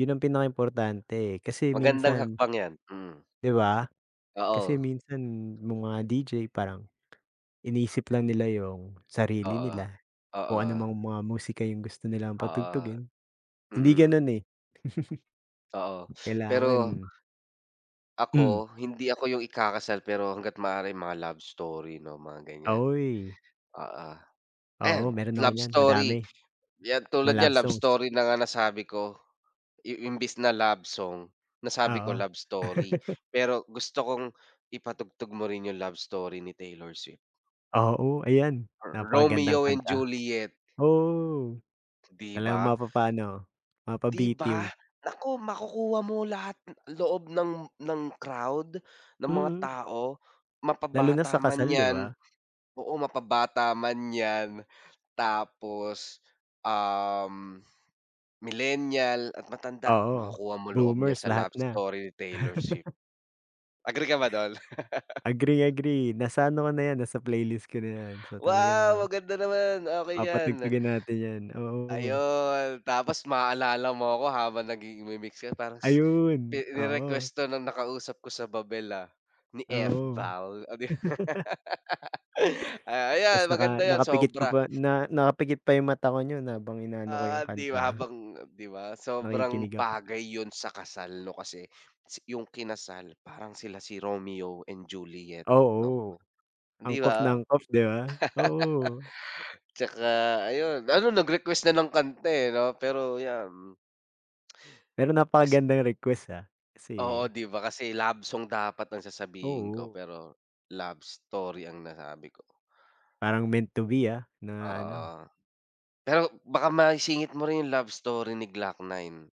'Yon ang pinaka importante eh kasi Magandang minsan hakbang 'yan. Hmm. 'Di ba. Kasi Oo. minsan no'ng mga DJ parang, inisip lang nila 'yong sarili Oo, nila. O anumang oo. mga musika 'yong gusto nilang Oo, patugtugin. Hindi mm. gano'n eh. Oo, pero Kailangan. Hmm. ako, hindi ako 'yong ikakasal pero hangga't maaari, mga Love Story, 'no mga ganyan. Uy. Oo, ayan Oo, meron ako Love niyan, Story madami. 'yan Mga tulad niyan love Love songs. Story na nga nasabi ko. I imbes na Love Song, nasabi ko Oo. Love Story pero gusto kong ipatugtog mo rin 'yong Love Story ni Taylor Swift. Oo, ayan Ro napakagandang Romeo and kanta. Juliet. Oo, 'Di talagang ba. mapapa ano, 'Di ba. mapabitiw. Naku makukuha mo lahat loob ng ng crowd, ng mga Mm. tao. Mapa Lalo na bata sa man kasal 'di 'yan, ba? oo, mapa bata man 'yan tapos, um, millennial at matanda, Oo, makukuha mo loob niya boomers. sa Lahat Love na. Story ni Taylor Swift. Agree ka ba do'n? Agree agree nasa ano ko na 'yan, nasa playlist ko na 'yan. So, Wow, talagang maganda naman. Okey 'yan. Papatugtugin natin 'yan, oo. Ayon tapos maaalala mo ako habang nagigi nagmi-mix ka, parang ni Ayun, oo. ni-request 'to no'ng nakausap ko sa Babel ah, ni Oo. Fval oh 'di ba. Tapos Ayan naka maganda 'yan, nakapikit ka sobra. pa na na nakapikit pa 'yong mata ko no'n habang inaano ko Ah, 'yong 'di ba kanta. habang 'di ba sobrang Nakikinig ako. bagay 'yon sa kasal 'no kasi 'yong kinasal, parang sila si Romeo and Juliet 'no Oo, 'di angkop na ba. angkop 'di ba. Oo. 'Tsaka ayon, ano nag-request na ng kanta eh 'no pero 'yan. Pero napakagandang request ah Oo kasi 'di ba kasi love song dapat ang sasabihin ko Oo. pero love story ang nasabi ko. Parang meant to be, ah, na ano. Oo. Pero baka maisingit mo rin 'yong love story ni Glock-9.